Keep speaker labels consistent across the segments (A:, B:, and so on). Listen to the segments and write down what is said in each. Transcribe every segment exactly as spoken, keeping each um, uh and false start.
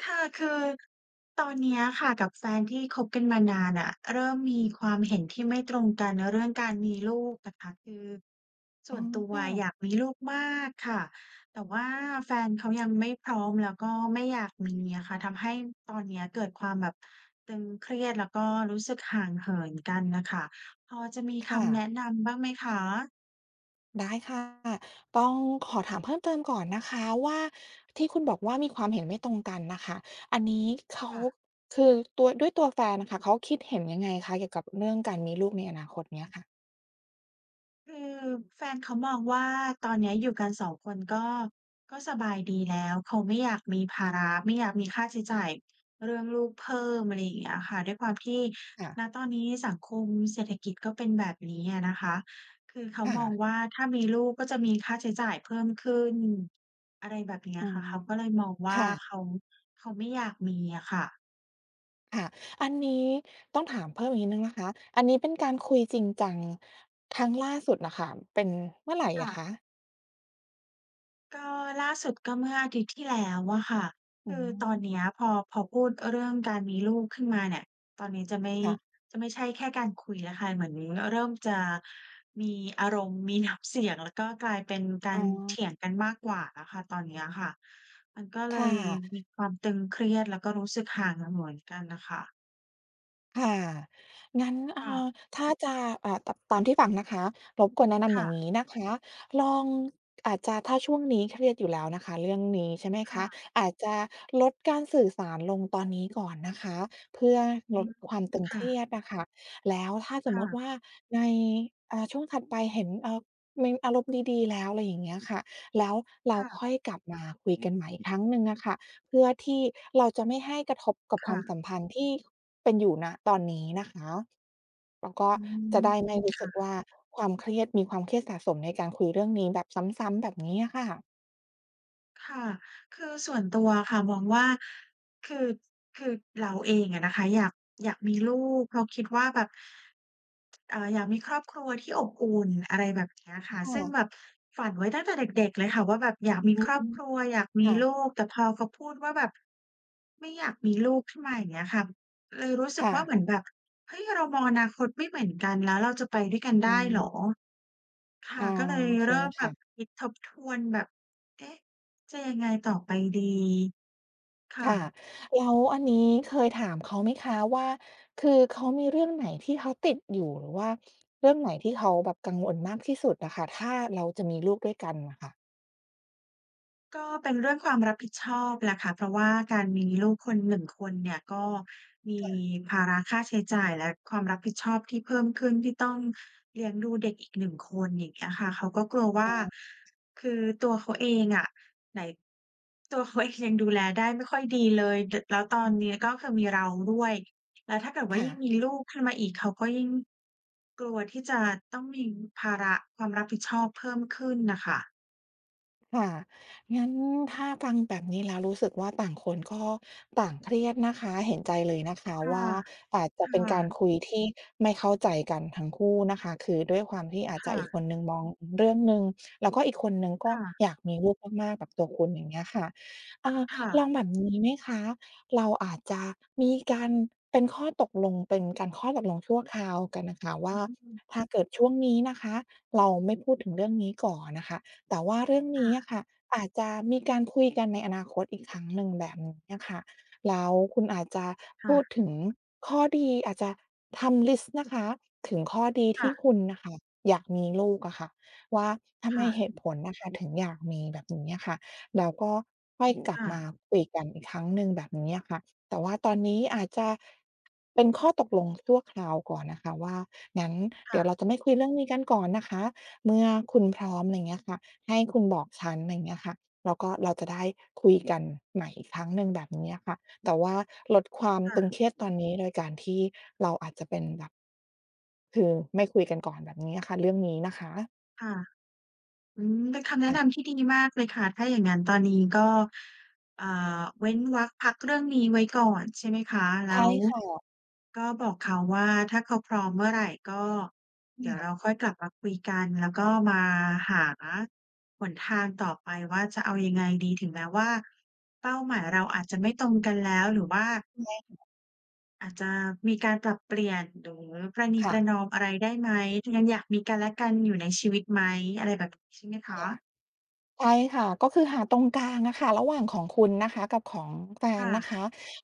A: ค่ะ คือตอนเนี้ยอะค่ะกับแฟนที่คบกันมานานน่ะ เริ่มมีความเห็นที่ไม่ตรงกันเรื่องการมีลูกน่ะคะ คือส
B: อ
A: ่
B: ๋อ
A: วนตัว
B: ค่ะ
A: อยากมีลูกมากค่ะ แต่ว่าแฟนเขา ยังไม่พร้อม แล้วก็ไม่อยากมีอะค่ะ ทำให้ตอนเนี้ยเกิดความแบบตึงเครียด แล้วก็รู้สึกห่างเหินกันน่ะค่ะ พอจะมี
B: ค
A: ค
B: ่
A: ำแน
B: ะ
A: ะนำบ้างไหมคะ?่
B: ได้ค่ะ ต้องขอถามเพิ่มเติมก่อนนะคะว่า ที่คุณบอกว่ามีความเห็นไม่ตรงกันน่ะค่ะ อันนี้เขา
A: ค่ะ
B: คือตัว ด้วยตัวแฟนอะค่ะ เขาคิดเห็นยังไงคะ? เกี่ยวกับเรื่องการมีลูกในอนาคตเนี้ยค่ะ
A: คือแฟนเขามองว่าตอนเนี้ยอยู่กัน สอง คนก็ ก็สบายดีแล้ว เขาไม่อยากมีภาระ ไม่อยากมีค่าใช้จ่ายเรื่องลูกเพิ่ม อะไรอย่างเงี้ยอะค่ะ ด้วยความที่
B: ค่ะ
A: ณ ตอนนี้สังคมเศรษฐกิจก็เป็นแบบนี้อะนะคะ คือเขา
B: ค่
A: มอ
B: ะ
A: งว่าถ้ามีลูกก็จะมีค่าใช้จ่ายเพิ่มขึ้น อะไรแบบนี้
B: อ
A: อ
B: ๋อ
A: ะค่ะ เขาก็เลยมองว
B: ค
A: ่า
B: ่ะ
A: เขา เขาไม่อยากมีอะค่ะ
B: ค่ะ อันนี้ต้องถามเพิ่มอีกนิดหนึ่งนะคะ อันนี้เป็นการคุยจริงจังครั้งล่าสุดน่ะค่ะ เป็นเมื่อไหร่
A: ค
B: อ
A: ่
B: ะ
A: ะ
B: คะ?
A: ก็ล่าสุดก็เมื่ออาทิตย์ที่แล้วอะค่ะ
B: อ
A: ค
B: ื
A: ือตอน
B: ม
A: เนี้ยพอ พอพูดเรื่องการมีลูกขึ้นมาเนี่ย ตอนนี้จะไม่
B: ค่ะ
A: จะไม่ใช่แค่การคุยอะค่ะ เหมือนเริ่มจะมีอารมณ์ มี น้ำ เสียงก็กลายเป็นกา
B: อ๋
A: รเถ
B: อ
A: ียงกันมากกว่าอะค่ะ ตอนเนี้ยอะค่ะ มันก็เล
B: ค่
A: ยม
B: ะ
A: ีความตึงเครียด แล้วก็รู้สึกห่างมาเหมือนกันน่ะค่ะ
B: ค่ะ งั้น เอ
A: ค
B: ่
A: ่ะ
B: อ ถ้าจะ เอ่อ ต ตามที่ฟังนะคะ รบกวนแนะน
A: ค
B: ำอ
A: ่
B: ย่าง
A: ะ
B: นี้นะคะ ลอง อาจจะถ้าช่วงนี้เครียดอยู่แล้วนะคะ เรื่องนี้ ใช่ไหม
A: ค
B: ค
A: ่
B: ะ?
A: ะ
B: อาจจะลดการสื่อสารลงตอนนี้ก่อนนะคะ เพื่อ
A: อื
B: ลด
A: ม
B: ความตึง
A: ค
B: เค
A: ่
B: รี
A: ะ
B: ยดอะค่ะ แล้วถ้าส
A: ค
B: ม
A: ่
B: มุติ
A: ะ
B: ว่า ใน อ่า ช่วงถัดไปเห็น เอ่อ มีอารมณ์ดี ๆ แล้ว อะไรอย่างเงี้ยค่ะ แล้วเร
A: ค
B: า
A: ่ะ
B: ค่อยกลับมาคุยกันใหม่อีกครั้งหนึ่งอะค่ะ เพื่อที่เราจะไม่ให้กระทบกับ
A: ค
B: คว
A: ่
B: าม
A: ะ
B: สัมพันธ์ที่เป็นอยู่ ณ ตอนนี้นะคะ แล้วก็
A: อื
B: จะ
A: ม
B: ได้ไม่รู้
A: ค
B: ส
A: ่
B: ึกว
A: ะ
B: ่า ความเครียด มีความเครียดสะสมในการคุยเรื่องนี้แบบซ้ำ ๆ แบบนี้อะค่ะ
A: ค่ะ คือส่วนตัวอะค่ะ มองว่า คือ คือเราเองอะนะคะ อยาก อยากมีลูก เพราะคิดว่าแบบ เอ่อ อยากมีครอบครัวที่อบอุ่น อะไรแบบนี้อะค่ะ
B: ค่
A: ซึ่ง
B: ะ
A: แบบฝันไว้ตั้งแต่เด็ก ๆ เลยค่ะ ว่า แบบอยากมี
B: อื
A: ครอบ
B: ม
A: ครัว อยากม
B: ค
A: ี
B: ่
A: ล
B: ะ
A: ูก แต่พอเขาพูดว่าแบบไม่อยากมีลูกขึ้นมา อย่างเงี้ยค่ะ เลยรู้สึ
B: ค
A: ก
B: ่
A: ว่าเ
B: ะ
A: หมือนแบบ เฮ้ย! เรามองอนาคตไม่เหมือนกัน แล้วเราจะไปด้วยกันไ
B: อื
A: ด้เหรอ?
B: ม
A: ค
B: อ
A: ่
B: ๋
A: ะ
B: อ
A: ก็เลย
B: โอเค
A: เริ่ม
B: ค
A: แบ
B: ่ะ
A: บคิดทบทวน แบบ เอ๊ะ จะยังไงต่อไปดี ค่
B: ค่ะ
A: ะ
B: แล้วอันนี้เคยถามเขา ไหมคะว่า คือเขามีเรื่องไหนที่เขาติดอยู่ หรือว่าเรื่องไหนที่เขาแบบกังวลมากที่สุดอะค่ะ ถ้าเราจะมีลูกด้วยกันน่ะค่ะ?
A: ก็เป็นเรื่องความรับผิดชอบแหละค่ะ เพราะว่าการมีลูกคนหนึ่งคนเนี่ย ก็มี
B: ค่ะ
A: ภาระค่าใช้จ่ายและความรับผิดชอบที่เพิ่มขึ้น ที่ต้องเลี้ยงดูเด็กอีกหนึ่งคน อย่างเงี้ยค่ะ เขาก็กลัวว่
B: อ
A: า
B: ๋อ
A: คือตัวเขาเองอะ ไหน ตัวเขา เอง ยังดูแลได้ไม่ค่อยดีเลย ด แล้วต
B: อ
A: อนนี้
B: ื
A: ก
B: ม
A: ็คือมีเราด้วย แล้วถ้าเกิดว่
B: ค
A: า
B: ่
A: ยิ่ง
B: ะ
A: มีลูกขึ้นมาอีก เขาก็ยิ่ง กลัวที่จะต้องมีภาระความรับผิดชอบเพิ่มขึ้นน่ะค่ะ
B: ค่ะ งั้นถ้ากังแบบนี้แล้วรู้สึกว่า ต่างคนก็ต่างเครียดนะคะ เห็นใจเลยนะคะ
A: ค่
B: ว
A: ะ
B: ่า อาจจะ
A: ค
B: เ
A: ่
B: ป็นการ
A: ะ
B: คุยที่ไม่เข้าใจกันทั้งคู่นะคะ คือด้วยความที่อาจ
A: ค
B: จะ
A: ่
B: อีกค
A: ะ
B: นหนึ่งมองเรื่องหนึ่ง แล้วก็อีกคนหนึ่งก
A: ค
B: ็
A: ่ะ
B: อยากมีลูกมาก ๆ แบบตัวคุณ อย่างเงี้ยค่ะ อ่า
A: ค่
B: ลอ
A: ะ
B: งแบบนี้ไหมคะ? เราอาจจะมีการเป็นข้อตกลง เป็นการข้อตกลงชั่วคราวกันน่ะค่ะว
A: อ
B: ่า
A: ืม
B: ถ้าเกิดช่วงนี้นะคะ เราไม่พูดถึงเรื่องนี้ก่อนน่ะค่ะ แต่ว่าเรื่อง
A: ค
B: น
A: ่
B: ี้
A: ะ
B: อะค่ะ อาจจะมีการคุยกันในอนาคตอีกครั้งหนึ่งแบบนี้อะค่ะ แล้วคุณอาจจะ
A: ค
B: พ
A: ่
B: ูด
A: ะ
B: ถึงข้อดี อาจจะทำลิสต์นะคะ ถึงข้อดี
A: ค
B: ท
A: ่
B: ี่
A: ะ
B: คุณน่ะค่ะอยากมีลูกอะค่ะว่า ทำ
A: ค
B: ไม
A: ่ะ
B: เหตุผลน่ะค่ะถึงอยากมีแบบนี้อะค่ะ แล้วก็ค่อ
A: อื
B: ย
A: ม
B: ก
A: ค
B: ลับ
A: ่
B: มา
A: ะ
B: คุยกันอีกครั้งหนึ่งแบบนี้อะค่ะ แต่ว่าตอนนี้อาจจะเป็นข้อตกลงชั่วคราวก่อนนะคะว่า งั้น
A: ค
B: เด
A: ่
B: ี๋ยว
A: ะ
B: เราจะไม่คุยเรื่องนี้กันก่อนนะคะ เมื่อคุณพร้อม ไรเงี้ยค่ะ ให้คุณบอกฉัน ไรเงี้ยค่ะ แล้วก็เราจะได้คุยกันใหม่อีกครั้งหนึ่งแบบนี้อะค่ะ แต่ว่าลดความ
A: ค่
B: ตึ
A: ะ
B: งเครียดตอนนี้ โดยการที่เราอาจจะเป็นแบบ คือไม่คุยกันก่อนแบบนี้อะค่ะ เรื่องนี้นะคะ
A: ค่ะ อืม เป็นคำแน
B: ค
A: ะ
B: ่ะ
A: นำที่ดีมากเลยค่ะ ถ้าอย่างงั้นตอนนี้ก็ เอ่อ เว้นวรรพักเรื่องนี้ไว้ก่อน ใช่ไหมคะ?
B: ใ
A: แ
B: ช
A: ล้
B: ่
A: ว
B: ค่ะ
A: ก็บอกเขาว่า ถ้าเขาพร้อมเมื่อไหร่ ก็เดี๋ยว
B: ค่
A: เร
B: ะ
A: าค่อยกลับมาคุยกัน แล้วก็มาหาหนทางต่อไปว่าจะเอายังไงดี ถึงแม้ว่า เป้าหมายเราอาจจะไม่ตรงกันแล้ว หรือว่า
B: แย่ง
A: อาจจะมีการปรับเปลี่ยน หรือประนี
B: ค
A: ป
B: ่
A: ร
B: ะ
A: ะนอมอะไรได้ไหม ยังอยากมีกันและกันอยู่ในชีวิตไหม อะไรแบบ ใช่ไหมค
B: ค
A: ะ?
B: ่ะ ใช่ค่ะ ก็คือหาตรงกลางอะค่ะ ระหว่างของคุณนะคะ กับของแฟ
A: ค
B: น
A: ่
B: นะ
A: ะ
B: คะ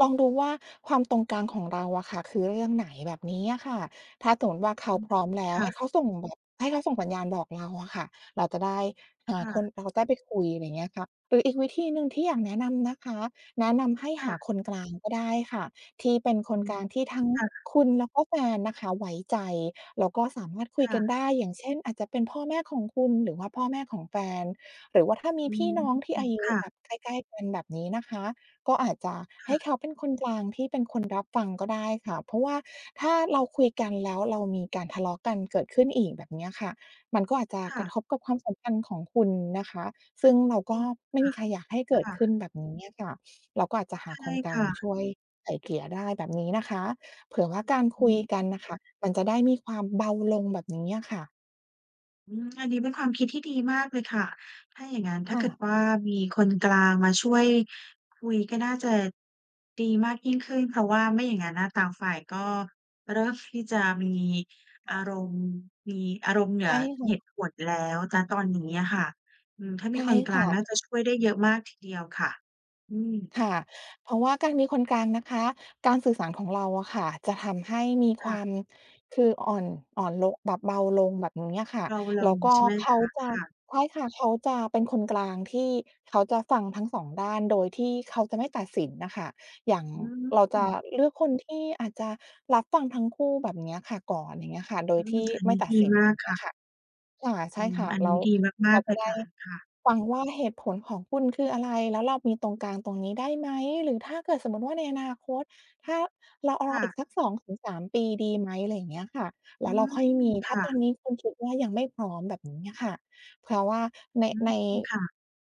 B: ลองดูว่า ความตรงกลางของเราอะค่ะ คือเรื่องไหน แบบนี้อะค่ะ ถ้าสมมติว่า เข
A: อ
B: า
A: ืม
B: พร้อมแล้
A: ค
B: ว
A: ่
B: ให้
A: ะ
B: เขาส่งแบบ ให้เขาส่งสัญญาณบอกเราอะค่ะ เราจะได้ อ่
A: ค
B: า
A: ่
B: คน
A: ะ
B: เราจะได้ไปคุย อะไรเงี้ยค่ะ หรืออีกวิธีหนึ่งที่อยากแนะนำนะคะ แนะนำให้
A: ค
B: ห
A: ่
B: า
A: ะ
B: คนกลางก็ได้ค่ะ ที่เป็นค
A: อื
B: นก
A: ม
B: ลางที่ทั้ง
A: ค่ะ
B: คุณแล้วก็แฟนนะคะไว้ใจ แล้วก็สามารถคุย
A: ค่
B: กัน
A: ะ
B: ได้ อย่างเช่น อาจจะเป็นพ่อแม่ของคุณ หรือว่าพ่อแม่ของแฟน หรือว่าถ้ามี
A: อื
B: พี่
A: ม
B: น้องที่อายุ
A: ค่
B: แบ
A: ะ
B: บใกล้ ๆ กัน แบบนี้นะคะ ก็อาจจะ
A: ค
B: ให
A: ่
B: ้เ
A: ะ
B: ขาเป็นคนกลางที่เป็นคนรับฟังก็ได้ค่ะ เพราะว่าถ้าเราคุยกันแล้วเรามีการทะเลาะกันเกิดขึ้นอีก แบบนี้อะค่ะ มันก็อาจจะ
A: ค่
B: กร
A: ะ
B: ะทบกับความสัมพันธ์ของคุณนะคะ ซึ่งเราก
A: จร
B: ็
A: ิง
B: ไม่มีใครอยากให้เ
A: ค่
B: กิ
A: ะ ค
B: ด
A: ่
B: ขึ้น
A: ะ
B: แบบนี้อะค่ะ เราก็อาจจะหา
A: ใช
B: ค
A: ่
B: นกล
A: ค
B: า
A: ่
B: งช
A: ะ
B: ่วยไกล่เกลี่ยได้แบบนี้นะคะ เผื่อว่าการ
A: อ
B: คุ
A: ื
B: ย
A: ม
B: กันน่ะค่ะ มันจะได้มีความเบาลง แบบนี้อะค่ะ
A: อืม อันนี้เป็นความคิดที่ดีมากเลยค่ะ ถ้าอย่างงั้นถ้า
B: ค
A: เกิด
B: ่ะ
A: ว่า มีคนกลางมาช่วยคุยก็น่าจะ ดีมากยิ่งขึ้น เพราะว่าไม่อย่างงั้นอะต่างฝ่ายก็เริ่มที่จะมี
B: ค
A: อ
B: ่
A: า
B: ะ
A: รมณ์ มีอารมณ์เหนื
B: ใช
A: อ
B: ่ค่
A: เห
B: ะ
A: ตุผลแล้ว ณ ตอนนี้อะค่ะ อืม ถ้า
B: ใ
A: ม
B: ช
A: ี
B: ่
A: คนก
B: ค
A: ลา
B: ่
A: งน่าจะ
B: ะ
A: ช่วยได้เยอะมากทีเดียวค่ะ อืม
B: ค่ะ เพราะว่าการมีคนกลางนะคะ การสื่อสารของเราอะค่ะ จะทำให้มี
A: ค
B: คว
A: ่
B: า
A: ะ
B: ม คืออ่อน อ่อนโล๊ะ แบบเบาลงแบบนี้อะค่ะ
A: เรา เร
B: แ
A: า
B: ล้วก็
A: ใช่ไหม
B: เข
A: ค
B: า
A: ะ?
B: จะ
A: ค่ะ
B: ใช่ค่ะ เขาจะเป็นคนกลางที่เขาจะฟังทั้ง สอง ด้านโดยที่เขาจะไม่ตัดสินน่ะค่ะ อย่าง
A: อื
B: เราจะ
A: ม
B: เลือกคนที่อาจจะรับฟังทั้งคู่แบบเนี้ยค่ะก่อน อย่างเงี้ยค่ะ โด
A: อ
B: ย
A: ื
B: ที
A: ม
B: ่
A: อัน
B: ไม
A: น
B: ่
A: ี้
B: ตั
A: ด
B: ด
A: ี
B: สิน
A: ม
B: อย
A: า
B: ่า
A: ก
B: งเงี
A: ค
B: ้ย
A: ่
B: ค
A: ะ
B: ่ะ ค่ะ ใช
A: อื
B: ่ค
A: ม
B: ่ะ
A: อัน
B: แล
A: นี
B: ้
A: ้
B: ว
A: ดีม
B: เข
A: า
B: า
A: ก ๆ เ
B: จ
A: ล
B: ะ
A: ย
B: ได้
A: ค่ะ ค่ะ
B: ฟังว่าเหตุผลของคุณคืออะไร แล้วเรามีตรงกลางตรงนี้ได้ไหม? หรือถ้าเกิดสมมุติว่า ในอนาคต ถ้าเราร
A: ค
B: อ
A: ่
B: อีก
A: ะ
B: สัก สองถึงสาม ปีดีไหม? อะไรอย่างเงี้ยค่ะ แ
A: อ
B: ล
A: ื
B: ้วเรา
A: ม
B: ค่อยมี ถ
A: ค
B: ้า
A: ่
B: ตอน
A: ะ
B: นี้คุณคิดว่า ยังไม่พร้อมแบบนี้อะค่ะ เพราะว่าใน
A: อื
B: ใ
A: ม
B: น
A: ค่ะ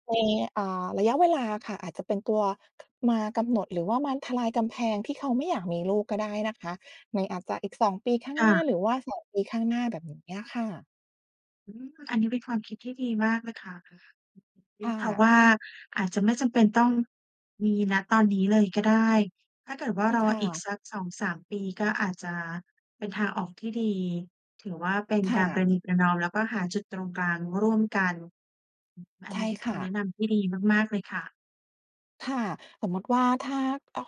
B: ใน อ่า ระยะเวลาอะค่ะ อาจจะเป็นตัว มากำหนดหรือว่ามาทลายกำแพง ที่เขาไม่อยากมีลูกก็ได้นะคะ ในอาจจะอีก สอง ปีข้าง
A: ค่
B: หน้า
A: ะ
B: หรือว่า สอง ปีข้างหน้าแบบเนี้ยค่ะ
A: อืม อันนี้เป็นความคิดที่ดีมากเลยค่ะ
B: ค่
A: เพราะ
B: ะ
A: ว่าอาจจะไม่จำเป็นต้อง มี ณ ตอนนี้เลยก็ได้ ถ้าเกิดว่
B: ใ
A: า
B: ช่
A: ร
B: ค
A: อ
B: ่
A: อีก
B: ะ
A: สัก สองสาม ปีก็อาจจะเป็นทางออกที่ดี ถือว่าเป็น
B: ค
A: การ
B: ่
A: ป
B: ะ
A: ระนีประนอม แล้วก็หาจุดตรงกลางร่วมกัน อือ อั
B: ใ
A: น
B: ช
A: น
B: ่
A: ี้คือ
B: ค
A: ค
B: ่
A: ำแน
B: ะ
A: ะนำที่ดีมาก ๆ เลยค่ะ
B: ค่ะ สมมุติว่า ถ้า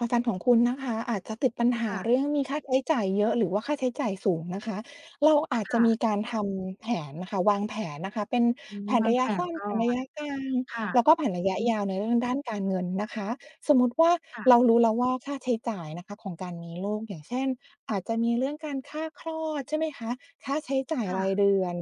B: อาจารย์ของคุณนะคะ อาจจะติดปัญห
A: ค
B: า
A: ่ะ
B: เรื่องมีค่าใช้จ่ายเยอะ หรือว่าค่าใช้จ่ายสูงนะคะ เราอาจ
A: ค
B: จะ
A: ่
B: มี
A: ะ
B: การทำแผนน่ะค่ะ วางแผนนะคะเป็น
A: อืม
B: แผน
A: วา
B: ร
A: ง
B: ะย
A: แผ
B: ะส
A: น
B: ั้น
A: ก่
B: แผ
A: อ
B: นระ
A: น
B: ยะกลาง
A: ค่ะ
B: แล้วก็แผนระย
A: อ
B: ะ
A: ื
B: ย
A: ม
B: าวในเรื่องด้านการเงินนะคะ สมมุติว่า
A: ค่ะ
B: เรารู้แล้วว่า ค่าใช้จ่ายนะคะของการมีลูก อย่างเช่น อาจจะมีเรื่องการค่าคลอด ใช่ไหมคะ? ค่าใช้จ่า
A: ค
B: ย
A: ่
B: ราย
A: ะ
B: เดือน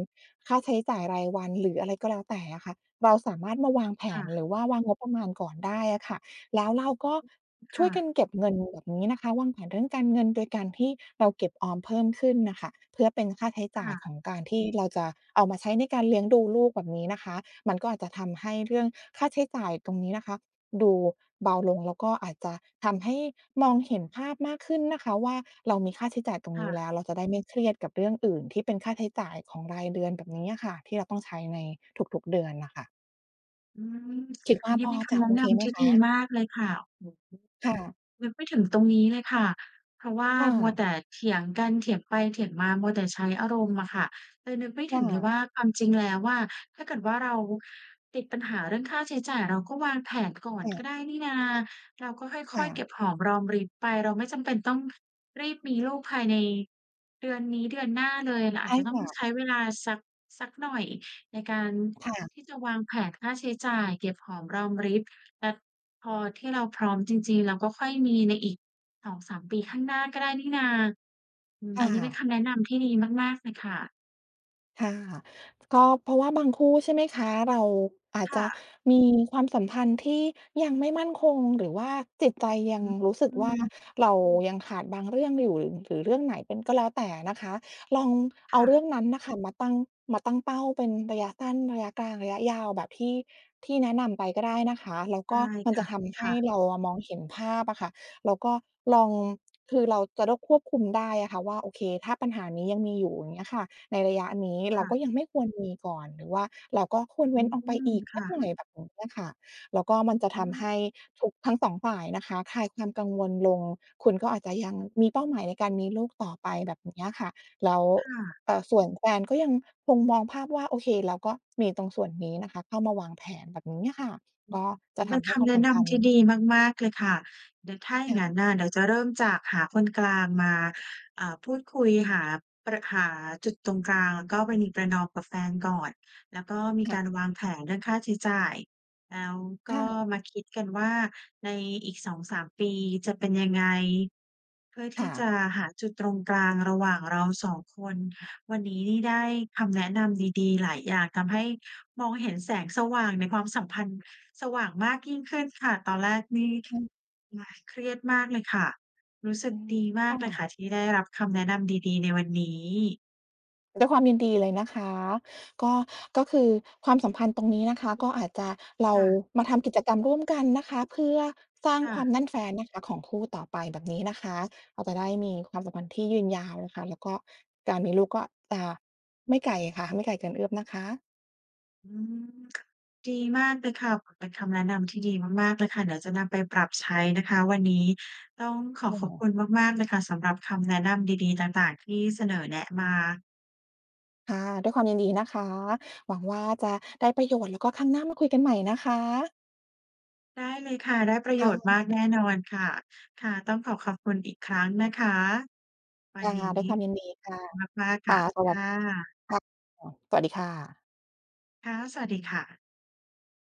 B: ค่าใช้จ่ายรายวัน หรืออะไรก็แล้วแต่อะค่ะ เราสามารถมาวางแผ
A: ค่
B: น
A: ะ
B: หรือว่าวางงบประมาณก่อนได้อะค่ะ แล้วเราก็
A: อืม ค
B: ช
A: ่
B: ่วยกั
A: ะ
B: นเก็บเงินแบบนี้นะคะ วางแผนเรื่องการเงินโดยการที่เราเก็บออมเพิ่มขึ้นน่ะค่ะ เพื่อเป็นค่าใช้
A: ค
B: จ่า
A: ่
B: ย
A: ะ
B: ของการที่เราจะเอามาใช้ในการเลี้ยงดูลูกแบบนี้นะคะ มันก็อาจจะทำให้เรื่องค่าใช้จ่ายตรงนี้นะคะ ดูเบาลง แล้วก็อาจจะทำให้มองเห็นภาพมากขึ้นนะคะว่า เรามีค่าใช้จ่ายตรง
A: ค
B: น
A: ่
B: ี้แล
A: ะ
B: ้ว เราจะได้ไม่เครียดกับเรื่องอื่นที่เป็นค่าใช้จ่ายของรายเดือนแบบนี้อะค่ะ ที่เราต้องใช้ในทุก ๆ เดือนน่ะค่ะ
A: อืม
B: คิดว
A: ย
B: ่า
A: ังงี้
B: พ
A: เ
B: อ
A: ป็นค
B: จะ
A: ำแน
B: โอ
A: ะน
B: เคไห
A: ำ
B: ม
A: ที่
B: ค
A: ดี
B: ะ?
A: มากเลยค่ะ
B: ค่ะ
A: [unintelligible] นึกไม่ถึงตรงนี้เลยค่ะ เพราะว่า
B: ค่
A: มัว
B: ะ
A: แต่เถียงกัน เถียงไปเถียงมา มัวแต่ใช้อารมณ์อะค่ะ เลยนึกไม่
B: ค
A: ถึ
B: ่
A: งเลย
B: ะ
A: ว่า ความจริงแล้วอะ ถ้าเกิดว่าเราติดปัญหาเรื่องค่าใช้จ่าย เราก็วางแผนก่อน
B: ค่
A: ก็
B: ะ
A: ได้นี่นา เราก็
B: ค
A: ค่
B: ่
A: อย ๆ เก็
B: ะ
A: บหอมรอมริบไป เราไม่จำเป็นต้องรีบมีลูกภายในเดือนนี้ เดือนหน้าเลย เรา
B: ใ
A: อ
B: ช
A: าจ
B: ่
A: จะต้
B: ค
A: อง
B: ่ะ
A: ใช้เวลาสัก สักหน่อยในการ
B: ค่ะ
A: ที่จะวางแผนค่าใช้จ่ายเก็บหอมรอมริบ และพอที่เราพร้อมจริง ๆ เราก็ค่อยมีในอีก สองสาม ปีข้างหน้าก็ได้นี่นา อืม
B: ค
A: อ
B: ่
A: ันนี้เป็นค
B: ะ
A: ำแนะนำที่ดีมาก ๆ เลยค่ะ
B: ค่ะ ก็เพราะว่าบางคู่ ใช่ไหมคะ เราอาจ
A: ค
B: จ
A: ่
B: ะ
A: ะ
B: มีความสัมพันธ์ที่ยังไม่มั่นคง หรือว่าจิตใจยั
A: อ
B: งรู้สึก
A: ื
B: ว่า
A: ม
B: เรายังขาดบางเรื่องอยู่ หรือเรื่องไหนเป็น ก็แล้วแต่นะคะ ลองเ
A: ค
B: อา
A: ่
B: เร
A: ะ
B: ื่องนั้นน่ะค่ะ มาตั้ง มาตั้งเป้าเป็นระยะสั้น ระยะกลาง ระยะยาวแบบที่ ที่แนะนำไปก็ได้นะคะ แล้ว
A: ได
B: ก็
A: ้
B: มัน
A: ค
B: จ
A: ่
B: ะ
A: ะ
B: ทำให
A: ค
B: ้
A: ่ะ
B: เราอะมองเห็นภาพอะค่ะ แล้วก็ลอง คือเราจะโด้ ควบคุมได้อะค่ะว่า โอเค ถ้าปัญหานี้ยังมีอยู่ อย่างเงี้ยค่ะ ในระยะนี้เ
A: ค
B: รา
A: ่
B: ก
A: ะ
B: ็ยังไม่ควรมีก่อน หรือว่าเราก็ควร
A: อ
B: เว
A: ื
B: ้นออกไป
A: ม
B: อีก
A: ค
B: สั
A: ่
B: กหน่
A: ะ
B: อยแบบนี้อะค่ะ แล้วก็มันจะ
A: อ
B: ท
A: ื
B: ำใ
A: ม
B: ห้ทุก ทั้ง สอง ฝ่ายนะคะ คลายความกังวลลง คุณก็อาจจะยังมีเป้าหมายในการมีลูกต่อไปแบบนี้อะค่ะ แล้ว
A: ค่ะ
B: เอ่อ ส่วนแฟนก็ยังคงมองภาพว่าโอเค แล้วก็มีตรงส่วนนี้นะคะ เข้ามาวางแผนแบบนี้อะค่ะ
A: อื
B: ก็
A: ม
B: จะท
A: เป็น
B: ำให
A: ค
B: ้คว
A: ำ
B: าม
A: แนะ
B: ส
A: น
B: ำคั
A: ำที่
B: ญ
A: ดีมาก ๆ เลยค่ะ เดี๋ยวถ้าอย่
B: ค
A: าง
B: ่
A: งั้น
B: ะ
A: น่ะ เดี๋ยวจะเริ่มจากหาคนกลางมา เอ่อ พูดคุยหาประ หาจุดตรงกลาง แล้วก็ประนีประนอมกับแฟนก่อน แล้วก็มี
B: ค
A: ก
B: ่
A: า
B: ะ
A: รวางแผนเรื่องค่าใช้จ่าย แล้วก
B: ค่
A: ็
B: ะ
A: มาคิดกันว่า ในอีก สองสาม ปีจะเป็นยังไง? เพื่อท
B: ค
A: ี
B: ่
A: ่จ
B: ะ
A: ะหาจุดตรงกลางระหว่างเรา สอง คน วันนี้นี่ได้คำแนะนำดี ๆ หลายอย่าง ทำให้มองเห็นแสงสว่างในความสัมพันธ์ สว่างมากยิ่งขึ้นค่ะ ตอนแรกนี่
B: ใช่
A: อ่า เครียดมากเลยค่ะ รู้สึ
B: อ
A: ก
B: ืม
A: ดีม
B: ค
A: าก
B: ่
A: เลยค่
B: ะ
A: ะที่ได้รับคำแนะนำดี ๆ ในวันนี้
B: ด้วยความยินดีเลยนะคะ ก็ ก็คือความสัมพันธ์ตรงนี้นะคะ ก็อาจจะ เร
A: ค
B: า
A: ่ะ
B: มาทำกิจกรรมร่วมกันนะคะ เพื่อสร้าง
A: ค่
B: ค
A: ะ
B: วามแน่นแฟ้นนะคะ ของคู่ต่อไปแบบนี้นะคะ เราจะได้มีความสัมพันธ์ที่ยืนยาวนะคะ แล้วก็การมีลูกก็จะ ไม่ไกลอะค่ะ ไม่ไกลเกินเอื้อมนะคะ
A: อืม ดีมากเลยค่ะ เป็นคำแนะนำที่ดีมาก ๆ เลยค่ะ เดี๋ยวจะนำไปปรับใช้นะคะ วันนี้ต้องขอ
B: ค
A: ขอบ
B: ่
A: ค
B: ะ
A: ุณมาก ๆ เลยค่ะสำหรับคำแนะนำดี ๆ ต่าง ๆ ที่เสนอแนะมา
B: ค่ะ ด้วยความยินดีนะคะ หวังว่าจะได้ประโยชน์ แล้วก็ครั้งหน้ามาคุยกันใหม่นะคะ
A: ได้เลยค่ะ ได้ประ
B: ค
A: โย
B: ่
A: ชน์ม
B: ะ
A: ากแน่นอนค่ะ ค่ะ ต้องขอบขอบคุณอีกครั้งนะคะวั
B: ค
A: น
B: ่ะ
A: นี้
B: ด้วยความยินดีค่ะ
A: มาก ๆ
B: ค
A: ค
B: ่
A: ่
B: ะ
A: ะ
B: ส
A: ค
B: วัส
A: ่ะ
B: ค่ะ สวัสดีค่ะ
A: ค่ะ สวัสดีค่ะ